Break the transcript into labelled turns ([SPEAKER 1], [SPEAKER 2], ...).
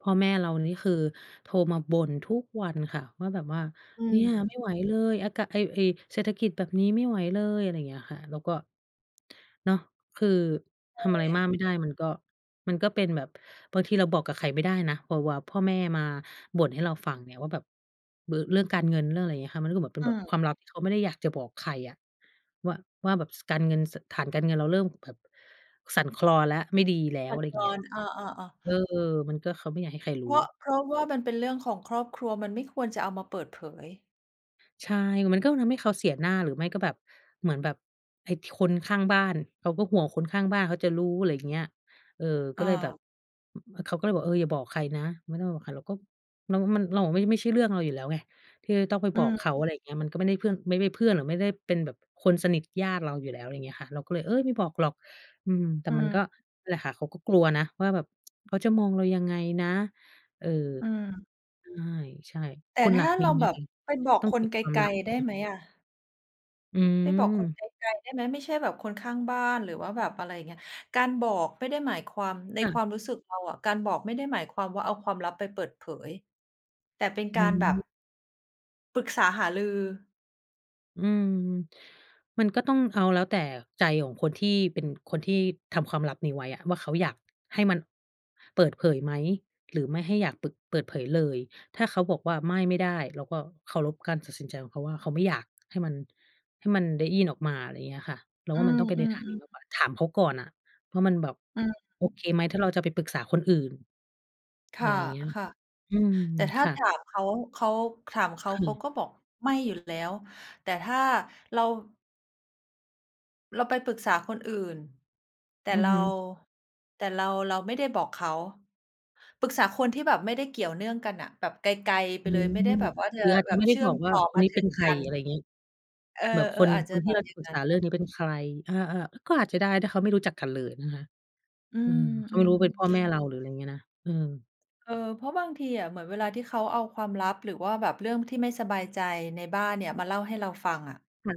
[SPEAKER 1] พ่อแม่เรานี่คือโทรมาบ่นทุกวันค่ะว่าแบบว่า
[SPEAKER 2] อื
[SPEAKER 1] "เนี่
[SPEAKER 2] ม
[SPEAKER 1] ยไม่ไหวเลย อากาศ ไอ้ ไอ้ เศรษฐกิจแบบนี้ไม่ไหวเลย" อะไรอย่างเงี้ยค่ะ แล้วก็ เนาะ คือ
[SPEAKER 2] ใ
[SPEAKER 1] ทำอะไร
[SPEAKER 2] ช
[SPEAKER 1] มาก
[SPEAKER 2] ่
[SPEAKER 1] ไม่ได้มันก็ มันก็เป็นแบบ บางทีเราบอกกับใครไม่ได้นะ วา วา พ่อแม่มาบ่นให้เราฟังเนี่ย ว่าแบบ บ เรื่องการเงิน เรื่องอะไรอย่างเงี้ยค่ะ มันก็คือแบบเป็
[SPEAKER 2] อ
[SPEAKER 1] น
[SPEAKER 2] ื
[SPEAKER 1] แบบ
[SPEAKER 2] ม
[SPEAKER 1] ความลับที่เขาไม่ได้อยากจะบอกใครอะ ว่า ว่าแบบ ส การเงิน ส ฐานการเงินเราเริ่มแบบสั่นคลอนแล้ว ไม่ดีแล้ว
[SPEAKER 2] สั
[SPEAKER 1] อ
[SPEAKER 2] ่
[SPEAKER 1] ะ
[SPEAKER 2] น
[SPEAKER 1] ไรอย
[SPEAKER 2] ค
[SPEAKER 1] ่า
[SPEAKER 2] ล
[SPEAKER 1] งเงี
[SPEAKER 2] อ
[SPEAKER 1] ้ย
[SPEAKER 2] น เออ ๆ ๆ
[SPEAKER 1] เออ มันก็ เขาไม่อยากให้ใครรู
[SPEAKER 2] เ
[SPEAKER 1] ้
[SPEAKER 2] พราะ เพราะว่ามันเป็นเรื่องของครอบครัว มันไม่ควรจะเอามาเปิดเผย
[SPEAKER 1] ใช่ มันก็คงทำให้เขาเสียหน้า หรือว่าไม่ก็แบบ เหมือนแบบไอ้ ท คนข้างบ้าน เขาก็ห่วงคนข้างบ้านเขาจะรู้ อะไรอย่าง เงี้ย เออ ก็เลยแบบ
[SPEAKER 2] เออ
[SPEAKER 1] อ เขาก็เลยบอก "เออ อย่าบอกใครนะ ไม่ต้องบอกใคร" เราก็ เราว่ามัน เราอะ ไม่ ไม่ใช่เรื่องเราอยู่แล้วไง ที่จะต้องไป
[SPEAKER 2] อื
[SPEAKER 1] บอกเข
[SPEAKER 2] ม
[SPEAKER 1] า อะไรอย่างเงี้ย มันก็ไม่ได้เพื่อน ไม่ ไม่เพื่อน หรือไม่ได้เป็นแบบคนสนิท ญาติเราอยู่แล้ว อะไรอย่างนี้อะค่ะ เราก็เลย "เอ๊ย! ไม่บอกหรอก" อืม แต่
[SPEAKER 2] อื
[SPEAKER 1] มันก
[SPEAKER 2] ม
[SPEAKER 1] ็นั่นแหละค่ะ เขาก็กลัวนะ ว่าแบบ "เขาจะมองเรายังไงนะ?" เออ
[SPEAKER 2] อืม
[SPEAKER 1] ใช่
[SPEAKER 2] แ
[SPEAKER 1] ๆ
[SPEAKER 2] ต
[SPEAKER 1] คุ
[SPEAKER 2] ่
[SPEAKER 1] ณ
[SPEAKER 2] ถ
[SPEAKER 1] ล่ะ
[SPEAKER 2] ้า
[SPEAKER 1] ม
[SPEAKER 2] เร
[SPEAKER 1] ี
[SPEAKER 2] า
[SPEAKER 1] ไหม
[SPEAKER 2] แบบ
[SPEAKER 1] คะ
[SPEAKER 2] ไปบอก
[SPEAKER 1] ต้อง
[SPEAKER 2] ค
[SPEAKER 1] เก
[SPEAKER 2] น
[SPEAKER 1] ็บ
[SPEAKER 2] ไก
[SPEAKER 1] ความล
[SPEAKER 2] ล
[SPEAKER 1] ับ
[SPEAKER 2] ๆ ได้
[SPEAKER 1] ไหม?
[SPEAKER 2] ไหมอะ?
[SPEAKER 1] อื
[SPEAKER 2] ไปบอก
[SPEAKER 1] ม
[SPEAKER 2] คนไกล ๆ ได้ไหม ไม่ใช่แบบคนข้างบ้าน หรือว่าแบบอะไรอย่างเงี้ย การบอกไม่ได้หมายความ ใน
[SPEAKER 1] ค่
[SPEAKER 2] ค
[SPEAKER 1] ะ
[SPEAKER 2] วามรู้สึกเราอะ การบอกไม่ได้หมายความว่าเอาความลับไปเปิดเผย แต่เป็น
[SPEAKER 1] อื
[SPEAKER 2] การแบบ
[SPEAKER 1] ม
[SPEAKER 2] ปรึกษาหารือ
[SPEAKER 1] อืม มันก็ต้องเอาแล้วแต่ใจของคนที่เป็น คนที่ทำความลับนี้ไว้อะ ว่าเขาอยากให้มันเปิดเผยไหม หรือไม่ให้อยากปึก เปิดเผยเลย ถ้าเขาบอกว่า "ไม่ ไม่ได้" เราก็เคารพการตัดสินใจของเขาว่า เขาไม่อยากให้มัน ให้มันได้ยินออกมา อะไรอย่างเงี้ยค่ะ เรา
[SPEAKER 2] อื
[SPEAKER 1] ว่ามันต้องไปในท
[SPEAKER 2] ม
[SPEAKER 1] างนี้
[SPEAKER 2] ๆ ๆ
[SPEAKER 1] มากกว่า ถามเขาก่อนน่ะว่ามันแบบ
[SPEAKER 2] อื
[SPEAKER 1] โอ
[SPEAKER 2] ม
[SPEAKER 1] เคไหม ถ้าเราจะไปปรึกษาคนอื่น
[SPEAKER 2] ค
[SPEAKER 1] อะ
[SPEAKER 2] ่
[SPEAKER 1] ไ
[SPEAKER 2] ะ
[SPEAKER 1] รอย่างเงี้ย อืม
[SPEAKER 2] ๆ แต่ถ้
[SPEAKER 1] ค
[SPEAKER 2] า
[SPEAKER 1] ่ะ
[SPEAKER 2] ถามเขา เขา ถามเขา
[SPEAKER 1] ค
[SPEAKER 2] เ
[SPEAKER 1] ่
[SPEAKER 2] ขา
[SPEAKER 1] ะ
[SPEAKER 2] ก็บอกไม่อยู่แล้ว แต่ถ้าเรา เราไปปรึกษาคนอื่น แต่
[SPEAKER 1] อื
[SPEAKER 2] เ
[SPEAKER 1] อ
[SPEAKER 2] รา
[SPEAKER 1] ฮึ
[SPEAKER 2] แต่เรา เราไม่ได้บอกเขา ปรึกษาคนที่แบบไม่ได้เกี่ยวเนื่องกันน่ะ แบบไกล ๆ ไป
[SPEAKER 1] อื
[SPEAKER 2] เลย
[SPEAKER 1] ม
[SPEAKER 2] ไม่ได้แบบว่าจ
[SPEAKER 1] ห
[SPEAKER 2] ะ
[SPEAKER 1] รืออาจ
[SPEAKER 2] แ
[SPEAKER 1] จ
[SPEAKER 2] บ
[SPEAKER 1] ะไ
[SPEAKER 2] บ
[SPEAKER 1] ม่ได
[SPEAKER 2] เช
[SPEAKER 1] ้
[SPEAKER 2] ื่
[SPEAKER 1] บ
[SPEAKER 2] อ
[SPEAKER 1] อ
[SPEAKER 2] ม
[SPEAKER 1] กว
[SPEAKER 2] ต
[SPEAKER 1] ่า
[SPEAKER 2] ่อ
[SPEAKER 1] ค
[SPEAKER 2] ม
[SPEAKER 1] น
[SPEAKER 2] า
[SPEAKER 1] นี้
[SPEAKER 2] ถ
[SPEAKER 1] เ
[SPEAKER 2] ึ
[SPEAKER 1] ป็น
[SPEAKER 2] ง
[SPEAKER 1] ใค
[SPEAKER 2] ก
[SPEAKER 1] ร
[SPEAKER 2] ัน
[SPEAKER 1] อะไรอย่างงี้
[SPEAKER 2] เออ
[SPEAKER 1] แบบคน
[SPEAKER 2] ๆ อาจ
[SPEAKER 1] ค
[SPEAKER 2] จะ
[SPEAKER 1] นท
[SPEAKER 2] แ
[SPEAKER 1] ี
[SPEAKER 2] บ
[SPEAKER 1] ่เ
[SPEAKER 2] บ
[SPEAKER 1] รา
[SPEAKER 2] อ
[SPEAKER 1] จ
[SPEAKER 2] ย
[SPEAKER 1] ะ
[SPEAKER 2] ่า
[SPEAKER 1] ป
[SPEAKER 2] ง
[SPEAKER 1] รึก
[SPEAKER 2] นั้
[SPEAKER 1] ษ
[SPEAKER 2] น
[SPEAKER 1] าเรื่องนี้เป็นใคร เออ ๆ ก็อาจจะได้ ถ้าเขาไม่รู้จักกันเลยนะคะ
[SPEAKER 2] อื
[SPEAKER 1] เออ เขาไม่รู้
[SPEAKER 2] ม
[SPEAKER 1] เป็นพ่อ
[SPEAKER 2] ๆ
[SPEAKER 1] แม่เรา หรืออะไรอย่างเงี้ยนะ เออ
[SPEAKER 2] เออ เพราะบางทีอะ เหมือนเวลาที่เขาเอาความลับ หรือว่าแบบเรื่องที่ไม่สบายใจในบ้านเนี่ย มาเล่าให้เราฟังอะ
[SPEAKER 1] มัน